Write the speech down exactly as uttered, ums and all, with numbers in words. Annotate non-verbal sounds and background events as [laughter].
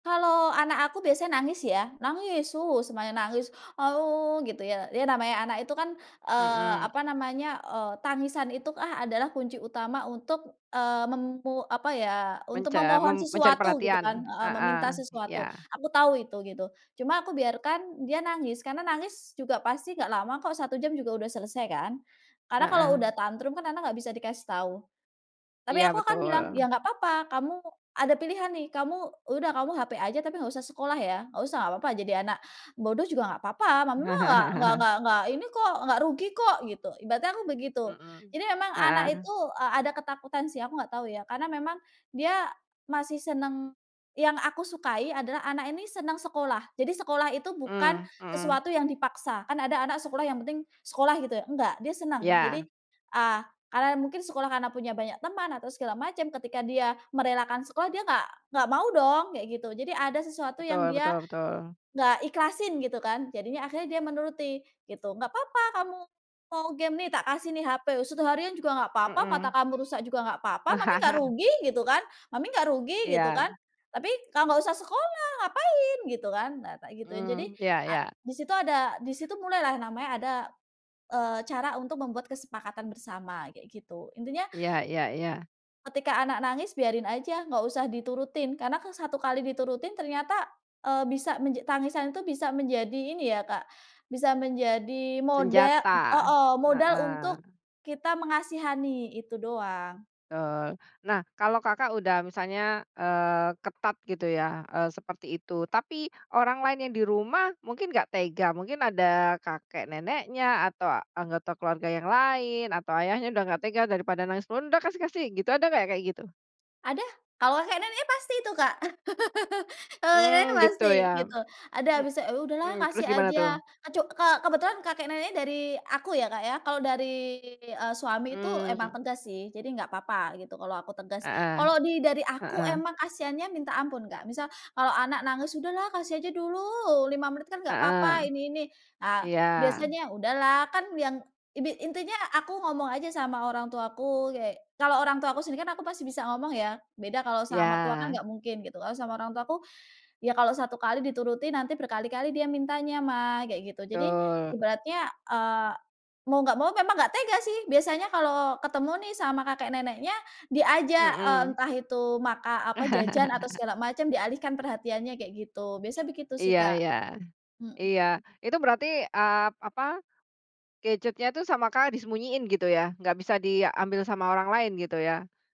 Kalau anak aku biasanya nangis ya, nangis semuanya nangis, [cries] gitu ya dia namanya anak itu kan, eee, Mhm. apa namanya, eee, tangisan itu adalah kunci utama untuk, eee, memu apa ya untuk Menca memohon mem mencari sesuatu gitu kan, perhatian. eee, Heeh, meminta sesuatu. iya. Aku tahu itu gitu. Cuma aku biarkan dia nangis, karena nangis juga pasti nggak lama kok, satu jam juga udah selesai kan, karena kalau Heeh. udah tantrum kan anak nggak bisa dikasih tahu. Tapi Iya aku akan bilang, betul. "Ya nggak papa, kamu ada pilihan nih, kamu udah kamu HP aja tapi nggak usah sekolah ya, nggak usah nggak papa jadi anak bodoh juga nggak papa, mama nggak [chuckles] nggak nggak ini kok, nggak rugi kok," gitu. Ibaratnya aku begitu, Mmm. jadi memang anak Heeh. itu, eee, ada ketakutan sih aku nggak tahu ya karena memang dia masih seneng yang aku sukai adalah anak ini seneng sekolah, jadi sekolah itu bukan Mmm, mhm. sesuatu yang dipaksa, kan ada anak sekolah yang penting sekolah gitu ya, nggak, dia seneng jadi, Ya. eee, karena mungkin sekolah karena punya banyak teman atau segala macem, ketika dia merelakan sekolah dia nggak nggak mau dong, kayak gitu, jadi ada sesuatu yang Betul dia betul betul. nggak ikhlasin gitu kan. Jadinya akhirnya dia menuruti gitu, "Nggak papa kamu mau game nih, tak kasih nih HP, satu harian juga nggak papa mata Hmm. kamu rusak juga nggak papa, mami nggak [chuckles] rugi," gitu kan. "Mami gak rugi" gitu Iya. kan, "tapi kau nggak usah sekolah, ngapain?" gitu kan, nah, tak gituin. Jadi Hmm iya a iya. di situ ada di situ mulai lah namanya ada, eee, cara untuk membuat kesepakatan bersama kayak gitu. Intinya Iya iya iya. ketika anak nangis biarin aja, nggak usah diturutin karena ke satu kali diturutin ternyata, eee, bisa menja tangisan itu bisa menjadi ini ya, Kak, bisa menjadi modal Senjata, heeh, modal untuk heeh. kita mengasihani itu doang. Tul. Nah kalau Kakak udah misalnya, eee, ketat gitu ya, eee, seperti itu tapi orang lain yang di rumah mungkin nggak tega. Mungkin ada kakek neneknya, atau anggota keluarga yang lain, atau ayahnya udah nggak tega daripada nangis pun, "Udah kasih kasih!" gitu ada nggak kayak gitu? Ada, kalau kek nenek pasti itu, Kak. [chuckles] Kalau kakek Hmm nenek gitu pasti ya. gitu, ada Mmm. habis, eee, "Udahlah Hmm terus kasih gimana tuh? aja." Kecu kebetulan kakek nenek dari aku ya, Kak, ya. Kalau dari, eee, suami itu emang Mmm. tegas sih jadi enggak apa-apa gitu, kalau aku tegas, Heeh. kalau di dari aku Heeh. emang kasiannya minta ampun, Kak, misal kalau anak nangis, "Udahlah kasih aja dulu lima menit kan nggak Heeh. papa, ini ini," ah Iya. biasanya, udahlah kan yang ini intinya aku ngomong aja sama orang tuaku kayak kalau orang tuaku sendiri kan aku pasti bisa ngomong ya, beda kalau sama mertua kan Iya. nggak mungkin gitu, kalau sama orang tuaku, "Ya kalau satu kali dituruti nanti berkali-kali dia mintanya Mah," kayak gitu jadi Betul. ibaratnya, eee, mau nggak mau memang nggak tega sih, biasanya kalau ketemu nih sama kakek neneknya, diajak, eee, Mhm. entah itu maka apa jajan atau [chuckles] segala macem, dialihkan perhatiannya kayak gitu, biasa begitu sih, Iya Kak. iya. Iya Mhm. itu berarti, eee, apa, gadgetnya itu sama Kakak disembunyiin gitu ya? Nggak bisa diambil sama orang lain gitu ya?